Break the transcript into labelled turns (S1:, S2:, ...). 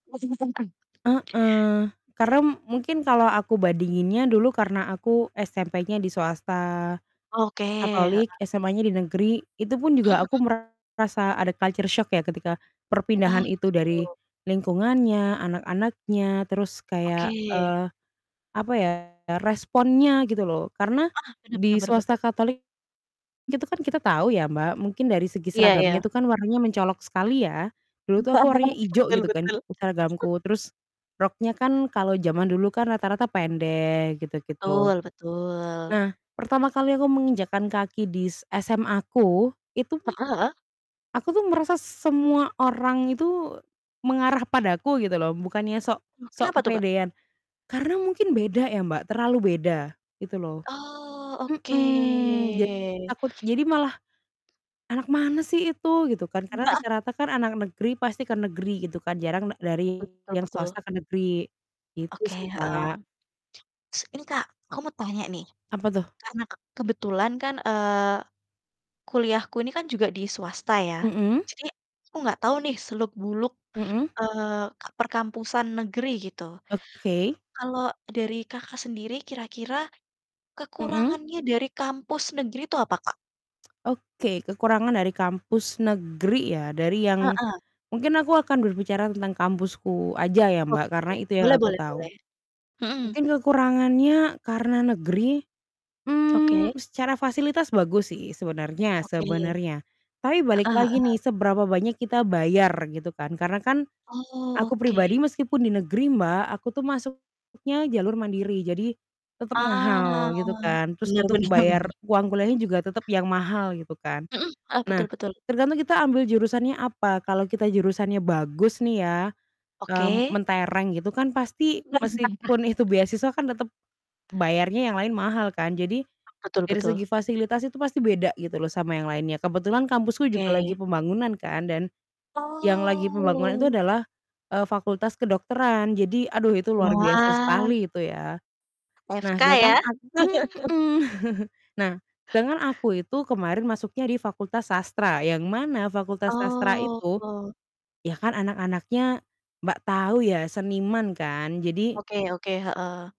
S1: Heeh. Karena mungkin kalau aku bandinginnya dulu karena aku SMP-nya di swasta
S2: Oke. Heeh.
S1: Katolik, SMA-nya di negeri, itu pun
S2: Mhm
S1: juga aku
S2: mhm.
S1: merasa ada culture shock ya, ketika
S2: Oh,
S1: perpindahan itu dari
S2: gitu.
S1: lingkungannya, anak-anaknya, terus
S2: Oke.
S1: kayak, eee, apa ya, responnya gitu loh. Karena
S2: Ah, benar benar
S1: di
S2: benar benar.
S1: swasta Katolik, itu kan kita tahu ya Mbak, mungkin dari segi
S2: Iya iya.
S1: seragamnya itu kan warnanya mencolok sekali ya. Dulu tuh aku warnanya ijo
S2: Betul
S1: gitu kan
S2: betul. Hmm.
S1: seragamku, terus roknya kan kalau jaman dulu kan rata-rata pendek gitu-gitu.
S2: Betul betul.
S1: Nah, pertama kali aku menginjakkan kaki di s SMA-ku, itu
S2: Heeh heeh.
S1: aku tuh merasa semua orang itu mengarah padaku gitu loh, bukannya sok
S2: Oh,
S1: sok
S2: kenapa tuh Kak?
S1: kepedean. Karena mungkin beda ya, Mbak, terlalu beda gitu loh.
S2: Oh,
S1: Mhm, jadi
S2: oke.
S1: takut jadi malah, "Anak mana sih itu?" gitu kan. Karena
S2: Heeh.
S1: rata-rata kan anak negeri pasti ke negeri gitu kan, jarang da dari
S2: Betul
S1: yang
S2: betul.
S1: swasta ke negeri gitu
S2: Oke.
S1: sih,
S2: Heeh.
S1: Mbak.
S2: S ini Kak, aku mau tanya nih.
S1: Apa tuh?
S2: Karena ke kebetulan kan, eee, kuliahku ini kan juga di swasta ya.
S1: Mhm.
S2: Jadi aku enggak tahu nih seluk buluk,
S1: Mhm.
S2: eee, ke perkampusan negeri gitu.
S1: Oke.
S2: Kalau dari Kakak sendiri kira-kira
S1: Mhm.
S2: kekurangannya dari kampus negeri itu apa, Kak?
S1: Oke, kekurangan dari kampus negeri ya, dari yang
S2: Heeh.
S1: mungkin aku akan berbicara tentang kampusku aja ya Mbak,
S2: Oke,
S1: karena itu yang
S2: boleh
S1: aku
S2: boleh
S1: tahu.
S2: boleh. Hmm.
S1: Mungkin kekurangannya karena negeri, mmm,
S2: Oke.
S1: secara fasilitas bagus sih sebenarnya
S2: Oke.
S1: sebenarnya. Tapi balik
S2: Heeh
S1: lagi nih
S2: heeh.
S1: seberapa banyak kita bayar gitu kan, karena kan
S2: Oh,
S1: aku
S2: oke, iya
S1: pribadi
S2: iya.
S1: meskipun di negeri Mbak, aku tuh masuknya jalur mandiri, jadi tetap mahal
S2: Ah,
S1: gitu kan. Terus
S2: benar
S1: untuk
S2: benar
S1: bayar
S2: bener.
S1: uang kuliahnya juga tetap yang mahal gitu kan.
S2: Mhm. Heeh, betul
S1: Nah,
S2: betul.
S1: tergantung kita ambil jurusannya apa, kalau kita jurusannya bagus nih ya, eee,
S2: Oke.
S1: mentereng gitu kan pasti meskipun itu beasiswa kan tetap bayarnya yang lain mahal kan. Jadi
S2: Ah, betul
S1: dari
S2: betul.
S1: segi fasilitas itu pasti beda gitu loh sama yang lainnya. Kebetulan kampusku juga lagi
S2: Oke.
S1: pembangunan kan dan yang lagi pembangunan itu
S2: Oh.
S1: adalah, eee, fakultas kedokteran. Jadi, aduh itu luar biasa
S2: Wah.
S1: sekali itu ya. Nah,
S2: FK
S1: sedangkan
S2: ya?
S1: aku mhm. Nah, sedangkan aku itu kemarin masuknya di fakultas sastra, yang mana fakultas sastra itu,
S2: Oh.
S1: ya kan anak-anaknya Mbak, tahu ya seniman kan, jadi
S2: Oke oke. Heeh.